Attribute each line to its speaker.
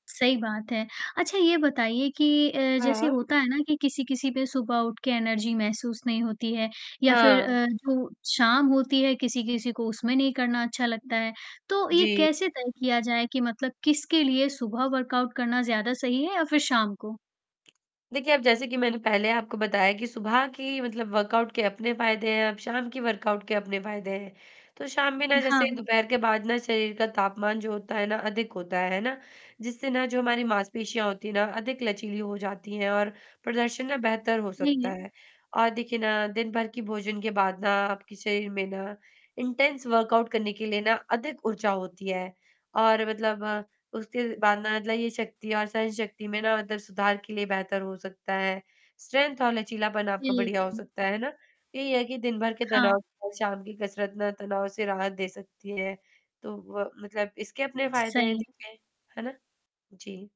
Speaker 1: सही बात है, अच्छा ये बताइए कि अ, जैसे
Speaker 2: हाँ।
Speaker 1: होता है ना कि किसी-किसी पे सुबह उठ के एनर्जी महसूस नहीं होती है या फ़िर
Speaker 2: हाँ।
Speaker 1: अ, जो शाम होती है किसी-किसी को उसमें नहीं करना अच्छा लगता है। तो, ये
Speaker 2: जी।
Speaker 1: कैसे तय किया जाए कि मतलब किसके लिए सुबह वर्कआउट करना ज़्यादा सही है या फ़िर शाम को?
Speaker 2: देखिए, अब जैसे कि मैंने पहले आपको बताया कि सुबह की मतलब वर्कआउट के अपने फ़ायदे हैं, अब शाम की वर्कआउट के अपने फ़ायदे हैं। तो शाम में ना जैसे
Speaker 1: हाँ।
Speaker 2: दोपहर के बाद ना शरीर का तापमान जो होता है ना, अधिक होता है, है ना? जिससे ना जो हमारी मांसपेशियाँ होती हैं ना अधिक लचीली हो जाती हैं और प्रदर्शन ना बेहतर हो
Speaker 1: सही
Speaker 2: सकता
Speaker 1: है।
Speaker 2: है। और देखिए ना, दिन भर की भोजन के बाद ना आपके शरीर में ना इंटेंस वर्कआउट करने के लिए ना अधिक ऊर्जा होती है। और मतलब उसके बाद ना मतलब ये शक्ति और सहन शक्ति में ना मतलब सुधार के लिए बेहतर हो सकता है, स्ट्रेंथ और लचीलापन आपका बढ़िया हो
Speaker 1: बिल्कुल।
Speaker 2: सकता है, है ना? यही है कि दिन भर के
Speaker 1: हाँ।
Speaker 2: तनाव और शाम की कसरत ना तनाव से राहत दे सकती है, तो वो मतलब इसके अपने फ़ायदे है
Speaker 1: सही है।
Speaker 2: देखिए। है ना? जी।